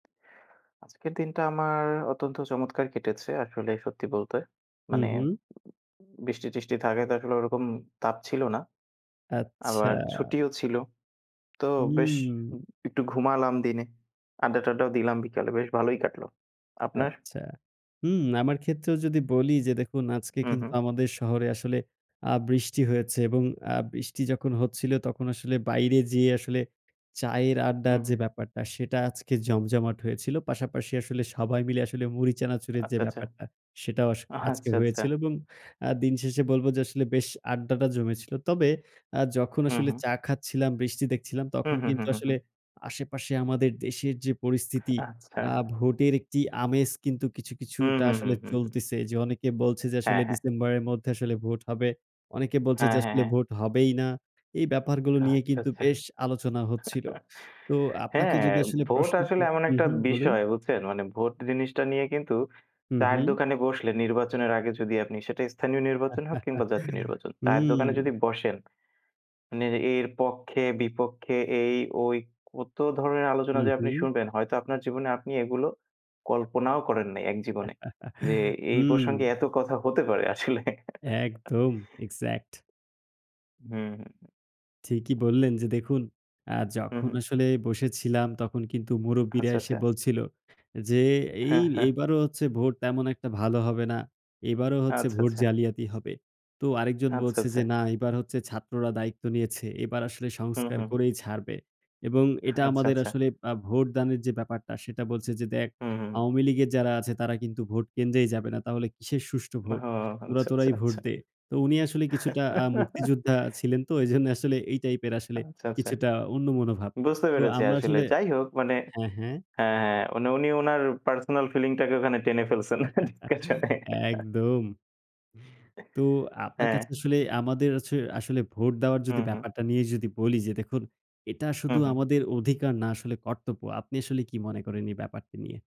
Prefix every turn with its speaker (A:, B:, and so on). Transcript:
A: আজকের দিনটা আমার অত্যন্ত চমৎকার কেটেছে আসলে সত্যি বলতে।
B: হু,
A: মানে
B: হু।
A: বৃষ্টি-টিষ্টি থাকাতে আসলে ওরকম তাপ ছিল না।
B: আচ্ছা।
A: আবার ছুটিও ছিল। তো বেশ উ
B: হু।
A: একটু ঘুমালাম দিনে। আড্ডা-টাড্ডাও দিলাম বিকালে। বেশ ভালোই কাটলো। আপনার?
B: আচ্ছা। হু, আমার ক্ষেত্রেও যদি বলি যে দেখুন আজকে
A: হু,
B: কিন্তু
A: হু।
B: আমাদের শহরে আসলে আ বৃষ্টি হয়েছে এবং আ বৃষ্টি যখন হচ্ছিল তখন আসলে বাইরে যেয়ে আসলে চায়ের
A: উ
B: আড্ডার যে
A: হুম।
B: ব্যাপারটা সেটা আজকে জমজমাট হয়েছিল। পাশাপাশি আসলে সবাই মিলে আসলে মুড়ি চানাচুরের যে
A: আচ্ছা, আচ্ছা,
B: ব্যাপারটা সেটাও আস
A: আহা
B: আজকে
A: আচ্ছা, আচ্ছা।
B: হয়েছিল এবং আ দিনশেষে বলব যে আসলে বেশ আড্ডাটা জমেছিল। তবে আ যখন
A: হু,
B: আসলে
A: হু।
B: চা খাচ্ছিলাম, বৃষ্টি দেখছিলাম
A: হু,
B: তখন
A: হু, হু,
B: কিন্তু
A: হু,
B: আসলে
A: হু।
B: আশেপাশে আমাদের দেশের যে পরিস্থিতি,
A: আচ্ছা।
B: আ ভোটের একটি আমেজ কিন্তু কিছু,
A: হু,
B: কিছুটা
A: হু, হু,
B: আসলে
A: হু।
B: চলতেছে। যে অনেকে বলছে যে আসলে
A: হ্যাঁ, হ্যাঁ।
B: ডিসেম্বরের মধ্যে আসলে ভোট হবে। অনেকে বলছে
A: হ্যাঁ,
B: যে
A: হ্যাঁ,
B: আসলে
A: হ্যাঁ।
B: ভোট হবেই না। এই ব্যাপারগুলো নিয়ে
A: আচ্ছা,
B: কিন্তু
A: আচ্ছা।
B: বেশ আলোচনা হচ্ছিল। তো আপনাকে
A: হ্যাঁ,
B: যদি আসলে
A: ভোট
B: প্রশ্ন ক
A: আসলে এমন
B: হু,
A: একটা
B: হু বলুন।
A: বিষয় বুঝছেন? মানে ভোট জিনিসটা নিয়ে কিন্তু
B: হু,
A: চায়ের
B: হু।
A: দোকানে বসলে নির্বাচনের আগে যদি আপনি, সেটা স্থানীয় নির্বাচন হোক কিংবা জাতীয় নির্বাচন, চায়ের
B: হুম।
A: দোকানে যদি বসেন মানে এর পক্ষে-বিপক্ষে এই-ওই কত ধরনের আলোচনা
B: হু,
A: যে আপনি
B: হু।
A: শুনবেন হয়তো আপনার জীবনে আপনি এগুলো কল্পনাও করেন নাই এক জীবনে। যে এই
B: হুম।
A: প্রসঙ্গে এত কথা হতে পারে আসলে
B: একদম এক্সাক্ট।
A: হু, হু, হু।
B: ঠিকই বললেন, যে দেখুন আ
A: হু,
B: যখন
A: হু।
B: আসলে বসে ছিলাম তখন কিন্তু মুরুব্বিরা
A: আচ্ছা,
B: এসে
A: আচ্ছা।
B: বলছিল যে, "এই
A: হ্যাঁ, হ্যাঁ।
B: এইবারও হচ্ছে ভোট তেমন একটা ভালো হবে না। এইবারও হচ্ছে
A: আচ্ছা,
B: ভোট
A: আচ্ছা।
B: জালিয়াতি হবে।" তো আরেকজন
A: আচ্ছা,
B: বলছে যে,
A: আচ্ছা।
B: "না এইবার হচ্ছে ছাত্ররা দায়িত্ব নিয়েছে। এবার আসলে
A: হু,
B: সংস্কার
A: হু।
B: করেই ছাড়বে।" এবং এটা
A: আচ্ছা,
B: আমাদের
A: আচ্ছা।
B: আসলে আ ভোটদানের যে ব্যাপারটা সেটা বলছে যে, "দেখ
A: হু, হু।
B: আওয়ামী লীগের যারা আছে তারা কিন্তু ভোট কেন্দ্রেই যাবে না। তাহলে কিসের সুষ্ঠু
A: ও
B: ভোট? তোরা
A: আচ্ছা, আচ্ছা,
B: তোরাই ভোট
A: আচ্ছা।
B: দে।" তো উনি আসলে কিছুটা আ মুক্তিযোদ্ধা ছিলেন তো। এইজন্য আসলে এই টাইপ এর আসলে
A: আচ্ছা, আচ্ছা।
B: কিছুটা অন্য মনোভাব।
A: বুঝতে
B: তো
A: পেরেছি
B: আমরা
A: আসলে।
B: আসলে
A: যাই হোক মানে
B: হ্যাঁ, হ্যাঁ।
A: হ্যাঁ, হ্যাঁ, উনি উনি উনার পার্সোনাল ফিলিং টাকে ওখানে টেনে ফেলছেন ডিসকাশন এ।
B: একদম।
A: এ
B: তো আপনার
A: হ্যাঁ।
B: কাছে আসলে আমাদের হচ্ছে আসলে ভোট দেওয়ার
A: হু,
B: যদি
A: হু।
B: ব্যাপারটা নিয়ে যদি বলি যে দেখুন, এটা
A: হু,
B: শুধু
A: হু।
B: আমাদের অধিকার না আসলে কর্তব্য। আপনি আসলে কি মনে করেন এই ব্যাপারটা নিয়ে?